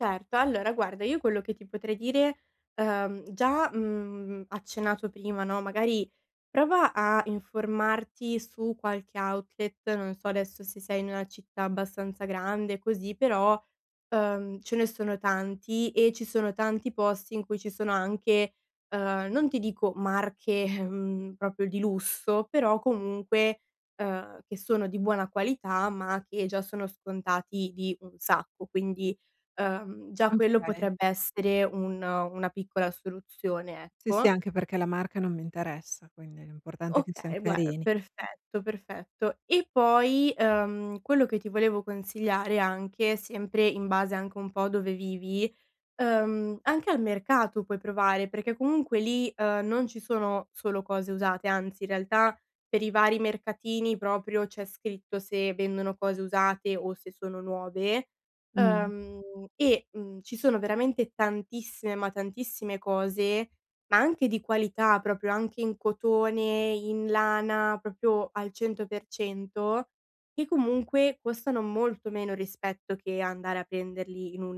Certo, allora guarda io quello che ti potrei dire, uhm, già, mhmm, accennato prima, no, magari prova a informarti su qualche outlet, non so adesso se sei in una città abbastanza grande così, però, uhm, ce ne sono tanti e ci sono tanti posti in cui ci sono anche, uhm, non ti dico marche, ehm, proprio di lusso, però comunque, uhm, che sono di buona qualità, ma che già sono scontati di un sacco. Quindi, uhm, già quello Okay. potrebbe essere un una piccola soluzione, Sì, sì, ecco. anche perché la marca non mi interessa, quindi l'importante è che sian Okay, guar carini. perfetto, perfetto. E poi, uhm, quello che ti volevo consigliare anche, sempre in base anche un po' a dove vivi, uhm, anche al mercato puoi provare, perché comunque lì, uhm, non ci sono solo cose usate, anzi, in realtà, per i vari mercatini proprio c'è scritto se vendono cose usate o se sono nuove, Mh-mh. uhm, e, mhmm, ci sono veramente tantissime, ma tantissime cose, ma anche di qualità proprio anche in cotone, in lana, proprio al 100% che comunque costano molto meno, rispetto che andare a prenderli in un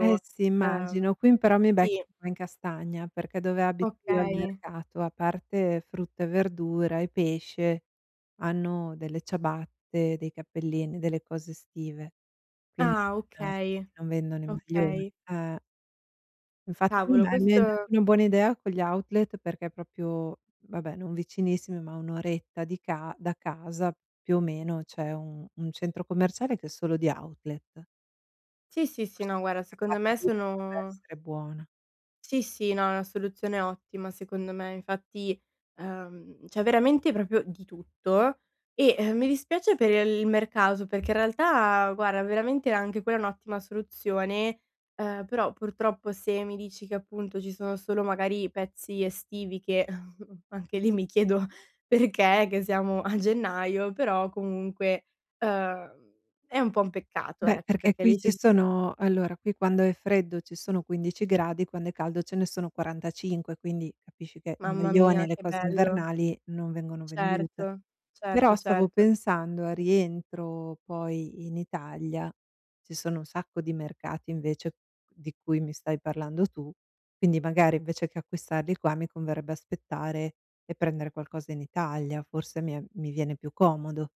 Eh sì Uhm immagino. Qui m però mi becchi sì. a in castagna, perché dove abito io, al Okay. mercato, a parte frutta e verdura e pesce, hanno delle ciabatte, dei cappellini, delle cose estive. Quindi Ah non okay, non vendono i maglioni. okay. Eh. Infatti Cavolo, [unintelligible] mi hai dato questo una buona idea con gli outlet, perché proprio vabbè non vicinissimi, ma a 1 oretta di ca da casa più o meno, c'è un un centro commerciale che è solo di outlet. Sì, sì, sì, Forse no guarda, una secondo scappata me lì potrebbe sono essere buona. Sì, sì, no, è una soluzione ottima secondo me. Infatti, uhm, c'è veramente proprio di tutto e, ehm, mi dispiace per il mercato, perché in realtà guarda veramente anche quella è un'ottima soluzione, uhm, però purtroppo se mi dici che, appunto, ci sono solo magari pezzi estivi che anche lì mi chiedo perché, che siamo a gennaio? Però comunque, uhm, è un po' un peccato Beh, ecco, perché perché qui lì ci ci si sono allora qui quando è freddo ci sono 15 gradi, quando è caldo ce ne sono 45, quindi capisci che il Mamma maglione e mia, le che cose bello. invernali non vengono vendute. Certo, certo, Però stavo certo. pensando, al rientro poi in Italia, ci sono un sacco di mercati invece di cui mi stai parlando tu, quindi magari, invece che acquistarli qua, mi converrebbe aspettare e prendere qualcosa in Italia, forse mi è mi viene più comodo.